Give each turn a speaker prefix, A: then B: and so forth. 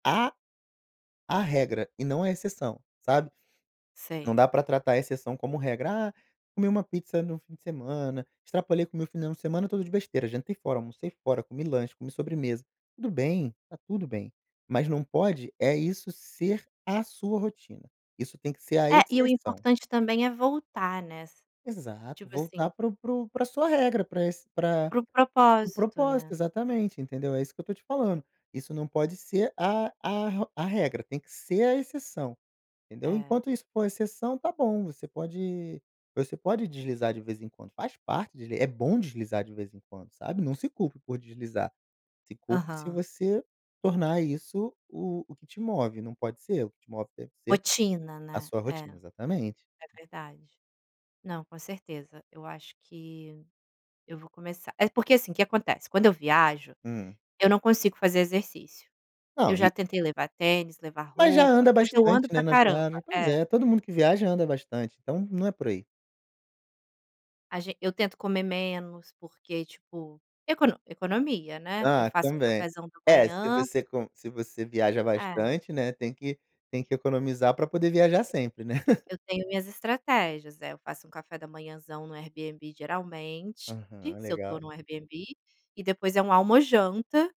A: A a regra e não a exceção, sabe. Não
B: Sei.
A: dá pra tratar a exceção como regra: “Ah, comi uma pizza no fim de semana. Extrapolei com meu final de semana todo de besteira. Jantei fora, almocei fora, comi lanche, comi sobremesa.” Tudo bem. Tá tudo bem. Mas não pode é isso ser a sua rotina. Isso tem que ser a
B: É, e o
A: exceção.
B: importante também é voltar nessa
A: Exato.
B: tipo assim
A: Voltar para o para o pra sua regra. Pra esse pra
B: Para o
A: para o
B: propósito,
A: propósito.
B: né?
A: Exatamente, entendeu. É isso que eu estou te falando. Isso não pode ser a a r a regra. Tem que ser a exceção, entendeu.
B: É.
A: Enquanto isso for exceção, está bom. Você pode você pode deslizar de vez em quando. Faz parte de é bom deslizar de vez em quando, sabe. Não se culpe por deslizar. Se culpe se
B: Aham.
A: você tornar isso o o que te move. Não pode ser. O que te move deve ser
B: Rotina,
A: a
B: né.
A: sua
B: É,
A: rotina.
B: é
A: Exatamente.
B: verdade. Não, com certeza, eu acho que eu vou começar. É porque assim, que acontece. Quando eu viajo,
A: Hum.
B: eu não consigo fazer exercício. Eu
A: Não,
B: já
A: e
B: tentei levar tênis, levar
A: Mas já
B: roupa,
A: anda
B: mas eu ando
A: bastante, né,
B: pra
A: na
B: caramba.
A: viagem. Pois
B: É.
A: é. Todo mundo que viaja anda bastante, então não é por aí.
B: A ge eu tento comer menos, porque, tipo, econo economia, né. Eu
A: Ah,
B: faço o
A: também.
B: cafézão da
A: É, se
B: manhã.
A: você com se você viaja
B: É.
A: bastante, né, tem que tem que economizar para poder viajar
B: [unintelligible]
A: sempre, né.
B: Eu tenho minhas estratégias. É, eu faço um café da manhazão no Airbnb geralmente
A: Uhum.
B: se eu tô
A: Legal.
B: no Airbnb, e depois é um almojanta.